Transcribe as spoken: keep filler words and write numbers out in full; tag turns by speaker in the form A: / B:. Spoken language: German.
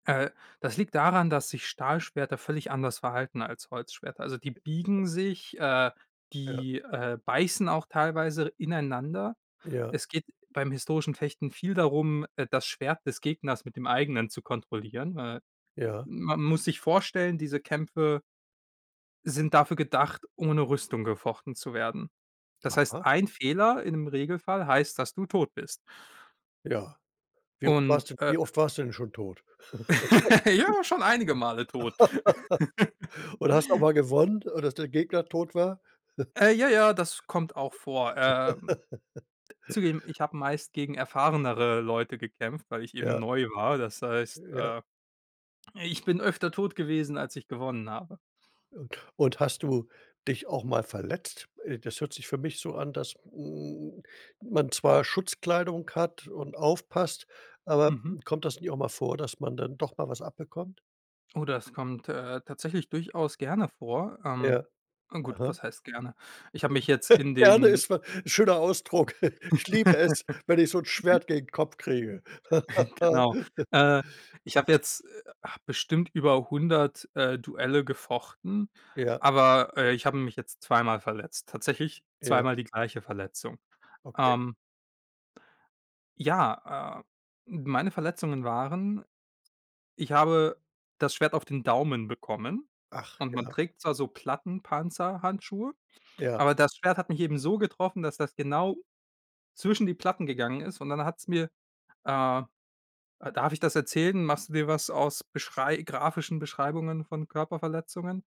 A: Äh, das liegt daran, dass sich Stahlschwerter völlig anders verhalten als Holzschwerter. Also, die biegen sich, äh,
B: Ja.
A: die, äh, beißen auch teilweise ineinander.
B: Ja.
A: Es geht beim historischen Fechten viel darum, äh, das Schwert des Gegners mit dem eigenen zu kontrollieren. Äh,
B: Ja.
A: man muss sich vorstellen, diese Kämpfe sind dafür gedacht, ohne Rüstung gefochten zu werden. Das heißt,
B: Aha.
A: ein Fehler- im Regelfall- heißt, dass du tot bist.
B: Ja. Wie oft
A: Und,
B: warst du
A: äh
B: wie oft warst du denn schon tot?
A: Ich war schon einige Male tot.
B: Oder hast auch mal gewonnen, so dass der Gegner tot war?
A: Äh, ja, ja, das kommt auch vor. Äh, zugegeben ich habe meist gegen erfahrenere Leute gekämpft, weil ich eben
B: Ja.
A: neu war. Das heißt,
B: Ja.
A: äh, ich bin öfter tot gewesen als ich gewonnen habe.
B: Und hast du dich auch mal verletzt? Äh, das hört sich für mich so an, dass, hm, man zwar Schutzkleidung hat und aufpasst. Aber,
A: Mhm.
B: hm, kommt das nicht auch mal vor, dass man dann doch mal was abbekommt?
A: Oh, das kommt, äh, tatsächlich durchaus gerne vor. Ähm,
B: Ja.
A: gut,
B: Mhm.
A: was heißt gerne? Ich habe mich jetzt in
B: Gerne
A: den
B: ist ma 'n schöner Ausdruck. „Ich liebe es, wenn ich so 'n Schwert gegen den Kopf kriege.“
A: Genau. Äh, ich habe jetzt, äh, bestimmt über hundert, äh, Duelle gefochten.
B: Ja.
A: Aber, äh, ich habe mich jetzt zweimal verletzt. Tatsächlich
B: Ja.
A: zweimal die gleiche Verletzung.
B: Okay.
A: Ähm Ja, äh, meine Verletzungen waren ich habe das Schwert auf den Daumen bekommen.
B: Ach.
A: Und man
B: Ja.
A: trägt zwar so Plattenpanzerhandschuhe,
B: Ja.
A: aber das Schwert hat mich eben so getroffen, dass das genau zwischen die Platten gegangen ist. Und dann hat's mir, äh Äh, darf ich das erzählen? Machst du dir was aus Beschrei grafischen Beschreibungen von Körperverletzungen?